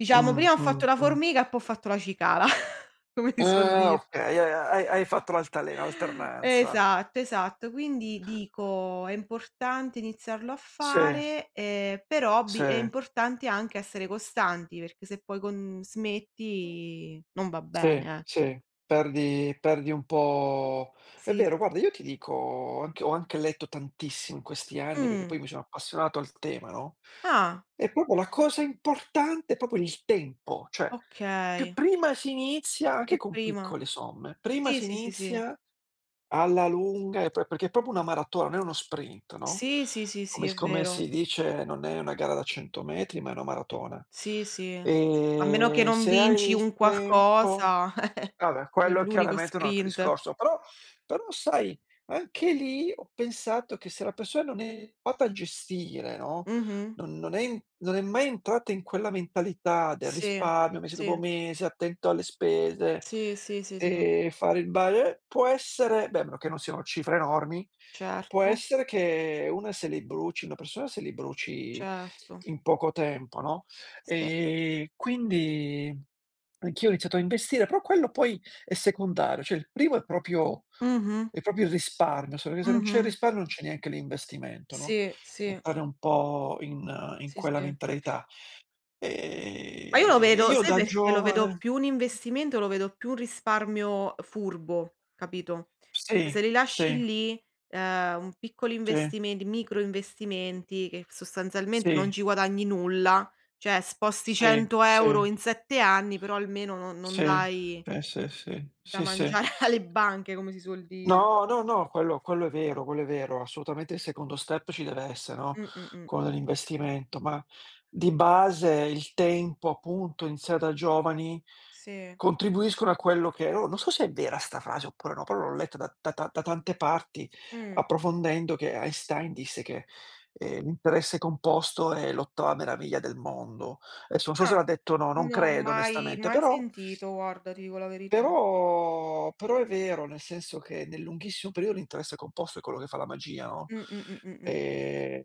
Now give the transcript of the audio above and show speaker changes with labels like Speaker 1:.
Speaker 1: Diciamo
Speaker 2: Mh,
Speaker 1: prima ho
Speaker 2: mh,
Speaker 1: fatto la
Speaker 2: mh.
Speaker 1: formica e po' ho fatto la cicala, come si suol
Speaker 2: Ah,
Speaker 1: dire.
Speaker 2: okay, ha hai hai fatto l'altalena, l'alternanza.
Speaker 1: Esatto, esatto. Quindi dico: "È importante iniziarlo a
Speaker 2: Sì.
Speaker 1: fare, ehm, per hobby, è
Speaker 2: Sì.
Speaker 1: importante anche essere costanti, perché se poi con smetti non va
Speaker 2: Sì,
Speaker 1: bene, eh".
Speaker 2: sì. Perdi perdi un po' è
Speaker 1: Sì,
Speaker 2: vero
Speaker 1: s
Speaker 2: guarda, io ti dico ho anche ho anche letto tantissimo in questi anni, perché
Speaker 1: Mh.
Speaker 2: poi mi sono appassionato al tema, no,
Speaker 1: Ah.
Speaker 2: e proprio la cosa importante è proprio il tempo. Cioè, più
Speaker 1: Okay.
Speaker 2: prima si inizia anche
Speaker 1: E
Speaker 2: con
Speaker 1: prima
Speaker 2: piccole somme, prima
Speaker 1: sì,
Speaker 2: si
Speaker 1: sì, sì, sì.
Speaker 2: inizia, alla lunga e poi perché è proprio una maratona, non è uno sprint, no.
Speaker 1: Sì, sì, sì, sì,
Speaker 2: Come
Speaker 1: è
Speaker 2: s come
Speaker 1: vero.
Speaker 2: si dice non è una gara da 100 m, ma è una maratona.
Speaker 1: Sì, sì. A meno che
Speaker 2: Ehm,
Speaker 1: non
Speaker 2: se hai
Speaker 1: vinci
Speaker 2: il
Speaker 1: un
Speaker 2: tempo
Speaker 1: qualcosa
Speaker 2: ah beh, quello
Speaker 1: nell'unico
Speaker 2: chiaramente è un altro
Speaker 1: sprint.
Speaker 2: discorso. Però però sai, anche lì ho pensato che se la persona non è [unintelligible] a gestire, no,
Speaker 1: Mh-mh.
Speaker 2: non non è i non è mai entrata in quella mentalità del
Speaker 1: Sì,
Speaker 2: risparmio, mese dopo
Speaker 1: sì.
Speaker 2: mese, attento alle spese,
Speaker 1: Sì, sì, sì, sì.
Speaker 2: ehm, fare il ba eh, può essere beh a meno che non siano cifre enormi, può
Speaker 1: Certo.
Speaker 2: essere che una se li bruci una persona se li bruci
Speaker 1: Certo.
Speaker 2: in poco tempo, no.
Speaker 1: Sì.
Speaker 2: Ehm, quindi anch'io ho iniziato a investire, però quello poi è secondario. Cioè il primo è proprio
Speaker 1: Mh-mh.
Speaker 2: è proprio risparmio, [unintelligible] se non c'è il
Speaker 1: Mh-mh.
Speaker 2: risparmio non c'è neanche l'investimento, no.
Speaker 1: Sì, sì.
Speaker 2: Entrare un po' in in
Speaker 1: Sì,
Speaker 2: quella
Speaker 1: sì.
Speaker 2: mentalità.
Speaker 1: Ma io lo
Speaker 2: Ehm,
Speaker 1: vedo
Speaker 2: io
Speaker 1: sai
Speaker 2: da
Speaker 1: perché lo vedo
Speaker 2: giovane
Speaker 1: più un investimento e lo vedo più un risparmio, uhm, furbo, capito. E
Speaker 2: Sì,
Speaker 1: se li lasci
Speaker 2: sì.
Speaker 1: lì, ehm, un piccolo
Speaker 2: Sì.
Speaker 1: investiment micro investimenti che sostanzialmente non
Speaker 2: Sì.
Speaker 1: ci guadagni nulla, cioè sposti
Speaker 2: Sì,
Speaker 1: 100 €
Speaker 2: sì.
Speaker 1: in 7 anni, però almeno non non
Speaker 2: Sì,
Speaker 1: dai
Speaker 2: sì, sì, sì,
Speaker 1: da
Speaker 2: sì, sì.
Speaker 1: mangiar alle banche come si suol dire.
Speaker 2: No, no, no, quello quello è vero, quello è vero. Assolutamente il secondo step ci dev'esse no,
Speaker 1: Mh-mh-mh.
Speaker 2: quello dell'investimento. Ma di base il tempo appunto, iniziare da giovani
Speaker 1: Sì.
Speaker 2: contribuiscono a quello che o non so se è vera 'sta frase oppure no, però l'ho letta da da ta da tante parti,
Speaker 1: Mh.
Speaker 2: approfondendo che Einstein disse che, ehm, l'interesse composto è l'ottava meraviglia del mondo. Esso non so se
Speaker 1: Ah,
Speaker 2: l'ha detto o no, non
Speaker 1: no
Speaker 2: credo
Speaker 1: mai
Speaker 2: onestamente,
Speaker 1: mai
Speaker 2: però
Speaker 1: sentito guarda, ti dico la verità.
Speaker 2: però però è vero, nel senso che nel lunghissimo periodo l'interesse composto è quello che fa la magia, no.
Speaker 1: Mh-mh-mh-mh-mh.
Speaker 2: Ehm